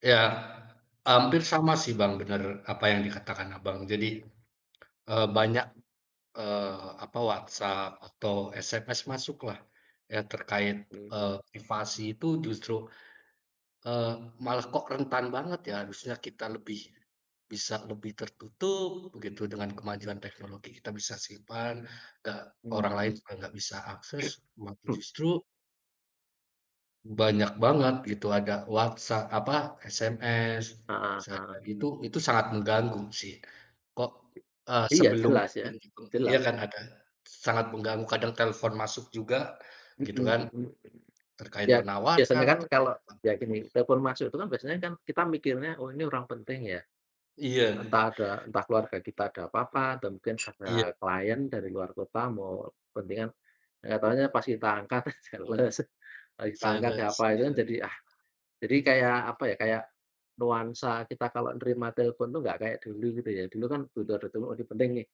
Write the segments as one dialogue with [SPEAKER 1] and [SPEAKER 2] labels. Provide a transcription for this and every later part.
[SPEAKER 1] Ya hampir sama sih Bang, bener apa yang dikatakan Abang jadi, e banyak eee apa WhatsApp atau SMS masuk lah ya terkait e
[SPEAKER 2] [unintelligible]
[SPEAKER 1] aktivasi itu justru e malah kok rentan banget ya harusnya kita lebih bisa lebih tertutup begitu dengan kemajuan teknologi kita bisa simpan da orang lain juga nggak bisa akses, wa
[SPEAKER 2] [unintelligible]
[SPEAKER 1] justru banyak banget gitu, ada WhatsApp apa SMS
[SPEAKER 2] Heeh heeh.
[SPEAKER 1] sangat itu itu sangat mengganggu sih. Kok e
[SPEAKER 2] Iya
[SPEAKER 1] sebelum
[SPEAKER 2] jelas ya,
[SPEAKER 1] yang itu iya
[SPEAKER 2] jelas.
[SPEAKER 1] kan ada sangat mengganggu kadang telepon masuk juga
[SPEAKER 2] Mhm
[SPEAKER 1] gitu kan.
[SPEAKER 2] mhm mhm,
[SPEAKER 1] Terkait
[SPEAKER 2] iya iya
[SPEAKER 1] penawaran,
[SPEAKER 2] sebenarnya kan
[SPEAKER 1] terkait
[SPEAKER 2] kalau
[SPEAKER 1] e bank.
[SPEAKER 2] ya gini, telepon masuk itu kan biasanya kan kita mikirnya, oh ini orang penting ya,
[SPEAKER 1] Iya.
[SPEAKER 2] entah ada entah keluarga kita ada apa-apa dan mungkin ada
[SPEAKER 1] Iya.
[SPEAKER 2] klien dari luar kota mau kepentingan. Eh enggak tahunya pas kita angkat, enggak jelas, pas tak angkat
[SPEAKER 1] Sales,
[SPEAKER 2] siapa itu kan,
[SPEAKER 1] iya.
[SPEAKER 2] jadi ah, jadi kayak apa ya kayak nuansa kita kalau nerima telpon tuh nggak kayak dulu gitu ya, dulu kan udah telepon penting nih.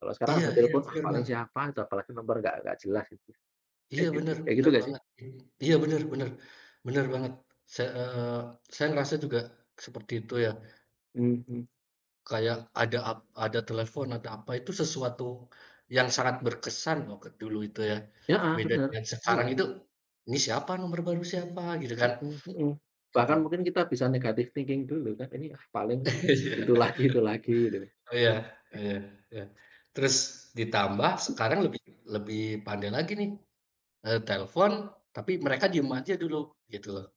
[SPEAKER 2] Kalau sekarang
[SPEAKER 1] Iya
[SPEAKER 2] udah
[SPEAKER 1] iya
[SPEAKER 2] telepon ah
[SPEAKER 1] bener
[SPEAKER 2] paling
[SPEAKER 1] Bang.
[SPEAKER 2] siapa itu apalagi nomer enggak enggak jelas gitu.
[SPEAKER 1] Iya bener,
[SPEAKER 2] Kayak gitu
[SPEAKER 1] bener
[SPEAKER 2] nggak sih?
[SPEAKER 1] banget, mmm, iya bener bener, bener banget se e saya ngerasa juga seperti itu ya.
[SPEAKER 2] Mhm.
[SPEAKER 1] Kayak ada ap ada telepon atau apa, itu sesuatu yang sangat berkesan waktu dulu itu ya.
[SPEAKER 2] Heeh,
[SPEAKER 1] Beda
[SPEAKER 2] benar
[SPEAKER 1] yang sekarang
[SPEAKER 2] iya.
[SPEAKER 1] itu, "Ini siapa, nomor baru siapa?" gitu kan,
[SPEAKER 2] Mhm mhm
[SPEAKER 1] gitu.
[SPEAKER 2] bahkan mungkin kita bisa negatif thinking dulu kan, "Ini ah paling
[SPEAKER 1] Iya,
[SPEAKER 2] itu lagi itu lagi." gitu.
[SPEAKER 1] oh iya, iya, iya. Terus ditambah sekarang lebih lebih pandai lagi nih e telepon tapi mereka diem aja dulu gitu.